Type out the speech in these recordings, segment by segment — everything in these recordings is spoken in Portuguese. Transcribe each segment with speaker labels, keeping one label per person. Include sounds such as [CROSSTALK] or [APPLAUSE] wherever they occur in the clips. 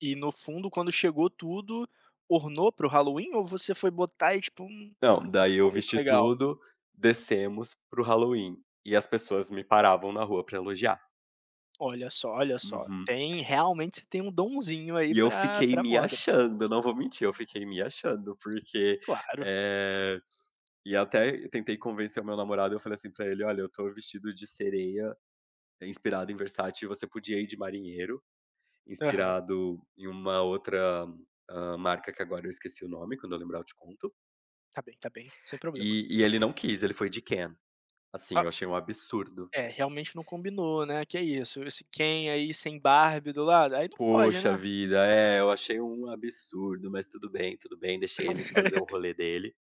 Speaker 1: E no fundo quando chegou tudo, ornou para o Halloween, ou você foi botar e tipo, hum,
Speaker 2: Não,
Speaker 1: não
Speaker 2: daí eu
Speaker 1: ficou muito
Speaker 2: vesti
Speaker 1: legal?
Speaker 2: tudo, descemos para o Halloween, e as pessoas me paravam na rua para elogiar.
Speaker 1: Olha só, olha só,
Speaker 2: Uhum.
Speaker 1: tem realmente você tem um domzinho aí
Speaker 2: E eu
Speaker 1: pra
Speaker 2: fiquei
Speaker 1: pra
Speaker 2: me
Speaker 1: moda.
Speaker 2: achando, eu não vou mentir, eu fiquei me achando porque,
Speaker 1: Claro.
Speaker 2: eh e até tentei convencer o meu namorado, eu falei assim pra ele: "Olha, eu estou vestido de sereia, inspirado em Versace e você podia ir de marinheiro,
Speaker 1: Aham.
Speaker 2: inspirado em uma outra, hã, marca que agora eu esqueci o nome, quando eu lembrar eu te conto.
Speaker 1: Tá bem, tá bem, sem problema.
Speaker 2: E e ele não quis, ele foi de Ken. Assim,
Speaker 1: Oh
Speaker 2: achei um absurdo.
Speaker 1: É, realmente não combinou, né. Que isso? Esse Ken aí sem Barbie do lado, aí não pode,
Speaker 2: Poxa
Speaker 1: né.
Speaker 2: vida. É, eu achei um absurdo, mas tudo bem, tudo bem deixei ele fazer o
Speaker 1: [LAUGHS]
Speaker 2: rolê dele.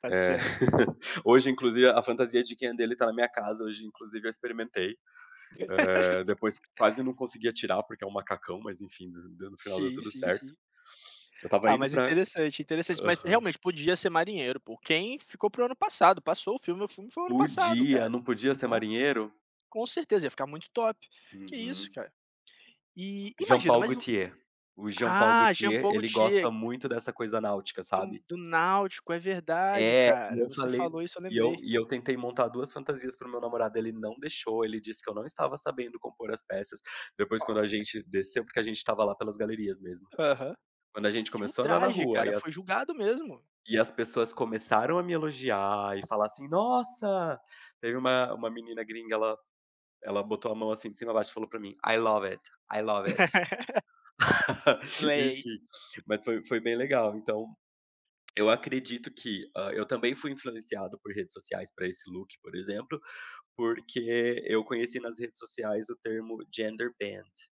Speaker 1: Tá
Speaker 2: Eh,
Speaker 1: certo também.
Speaker 2: [CHUCKLES] hoje, inclusive, a fantasia de Ken dele está na minha casa. Hoje, inclusive, eu experimentei. Eh, depois
Speaker 1: [LAUGHS]
Speaker 2: quase não conseguia tirar, porque é um macacão, mas enfim, do do no final deu
Speaker 1: Sim,
Speaker 2: tudo
Speaker 1: sim,
Speaker 2: certo.
Speaker 1: sim.
Speaker 2: Eu estava
Speaker 1: Ah,
Speaker 2: indo
Speaker 1: mas
Speaker 2: pra
Speaker 1: interessante, interessante, mas
Speaker 2: aham.
Speaker 1: realmente podia ser marinheiro pô, o Ken ficou para o ano passado, passou o filme, o filme foi o ano passado,
Speaker 2: Podia,
Speaker 1: cara,
Speaker 2: não podia ser
Speaker 1: né.
Speaker 2: marinheiro?
Speaker 1: Com certeza ia ficar muito top, que isso
Speaker 2: Uhum.
Speaker 1: cara. E imagina
Speaker 2: Jean-Paul
Speaker 1: mas, o
Speaker 2: Gaultier, o Jean-Paul
Speaker 1: ah,
Speaker 2: Gaultier
Speaker 1: Jean-Paul
Speaker 2: ele gosta
Speaker 1: Gaultier.
Speaker 2: muito dessa coisa náutica,
Speaker 1: Do
Speaker 2: sabe?
Speaker 1: do náutico. É verdade,
Speaker 2: É, e
Speaker 1: cara,
Speaker 2: eu
Speaker 1: você
Speaker 2: falei
Speaker 1: falou isso, eu
Speaker 2: e eu
Speaker 1: lembrei.
Speaker 2: e eu tentei montar 2 fantasias para o meu namorado, ele não deixou, ele disse que eu não estava sabendo compor as peças. Depois quando a
Speaker 1: Olha.
Speaker 2: gente desceu porque a gente estava lá pelas galerias mesmo.
Speaker 1: Aham.
Speaker 2: Quando a gente
Speaker 1: Que
Speaker 2: começou a andar na
Speaker 1: ultraje
Speaker 2: rua e
Speaker 1: cara,
Speaker 2: as
Speaker 1: foi julgado mesmo.
Speaker 2: e as pessoas começaram a me elogiar e falar assim: "Nossa" Teve uma uma menina gringa, ela ela botou a mão assim de cima a baixo e falou para mim: "I love it, I love it.
Speaker 1: [LAUGHS]
Speaker 2: [LAUGHS]
Speaker 1: Slay.
Speaker 2: Enfim, mas foi foi bem legal. Então, eu acredito que, hã, eu também fui influenciado por redes sociais para esse look, por exemplo, porque eu conheci nas redes sociais o termo Genderbend.